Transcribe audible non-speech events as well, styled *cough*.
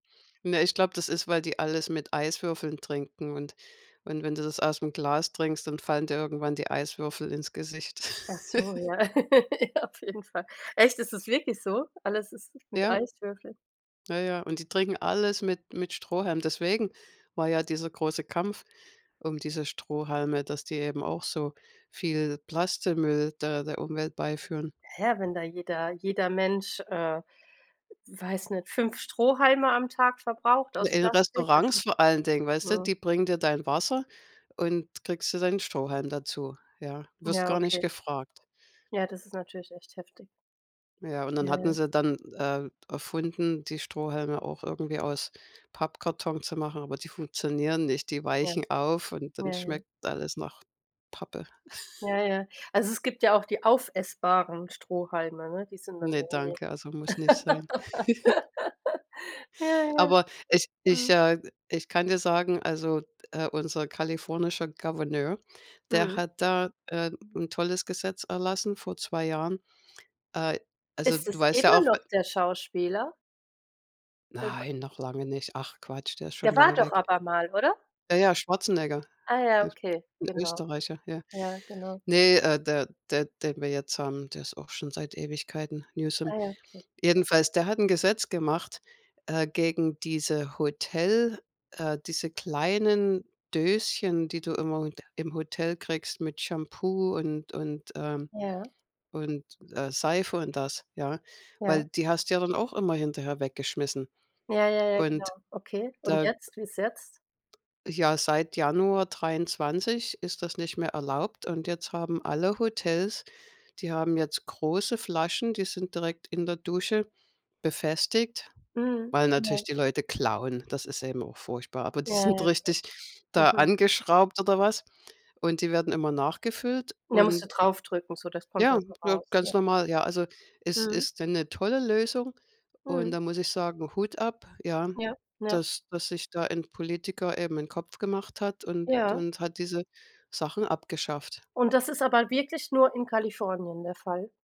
Ne, ich glaube, das ist, weil die alles mit Eiswürfeln trinken und und wenn du das ausm Glas trinkst, dann fallen dir irgendwann die Eiswürfel ins Gesicht. Achso, *laughs* ja, *laughs* auf jeden Fall. Echt, es ist wirklich so? Alles ist mit Ja. Eiswürfel? Ja, ja, und die trinken alles mit mit Strohhalm. Deswegen war ja dieser große Kampf um diese Strohhalme, dass die eben auch so viel Plastikmüll da der Umwelt beiführen. Hä, ja, wenn da jeder jeder Mensch, äh, weiß nicht, 5 Strohhalme am Tag verbraucht aus In Plastik. Restaurants *unintelligible* vor allen Dingen, weißt du, Mhm. die bringen dir dein Wasser und kriegst du deinen Strohhalm dazu, ja? Wirst Ja, gar nicht okay. gefragt. Ja, das ist natürlich echt heftig. Ja, und dann Ja, hatten ja. sie dann äh, erfunden, die Strohhalme auch irgendwie aus Pappkarton zu machen, aber die funktionieren nicht. Die Ja. weichen auf und Ja, dann ja. schmeckt alles nach Pappe. *giggles* Ja, ja. Also es gibt ja auch die aufessbaren Strohhalme, ne? Die sind dann Ne, irgendwie. danke, also muss nicht sein. *giggles* *laughs* Ja, ja. Aber es ich, Mhm. äh, ich kann dir sagen, also d äh, unser kalifornischer Gouverneur, der Mhm. hat da äh, 'n tolles Gesetz erlassen vor 2 Jahren. Äh, also Ist du es weißt ja immer auch noch w der Schauspieler? *unintelligible* Nein, noch lange nicht. Ach Quatsch, der ist schon Der war lange doch weg. aber mal, oder? Ja, ja, Schwarzenegger, Ah ja, Öst okay, 'n genau. Österreicher, ja. Ja, genau. Ne äh, der der den wir jetzt haben, der ist auch schon seit Ewigkeiten: Newsom. Ah, ja. Okay. Jedenfalls, der hat 'n Gesetz gemacht, äh, gegen diese Hotel äh, diese kleinen Döschen, die du immer *unintelligible* im Hotel kriegst mit Shampoo und und, ähm, Ja. und äh, Seife und das, ja. Ja. Weil die hast du ja dann auch immer hinterher weggeschmissen. Ja, ja, ja, genau. Und, Okay. Und da jetzt, wie's jetzt? Ja, seit Januar 23 ist das nicht mehr erlaubt. Und jetzt haben alle Hotels die haben jetzt große Flaschen, die sind direkt in der Dusche befestigt, Mhm. weil Ja. natürlich die Leute klauen. Das ist eben auch furchtbar, aber Ja, die sind ja. richtig da Mhm. angeschraubt oder was. Und die werden immer nachgefüllt Und da musst du und drauf drücken so, das kommt Ja, da so na, raus, ja. ganz normal. Ja, also es Mhm. ist 'ne tolle Lösung. Und Mhm. da muss ich sagen, Hut ab, ja, Ja, ja. dass dass sich da ein Politiker eben 'n Kopf gemacht hat und Ja. und hat diese Sachen abgeschafft. Und das ist aber wirklich nur in Kalifornien der Fall?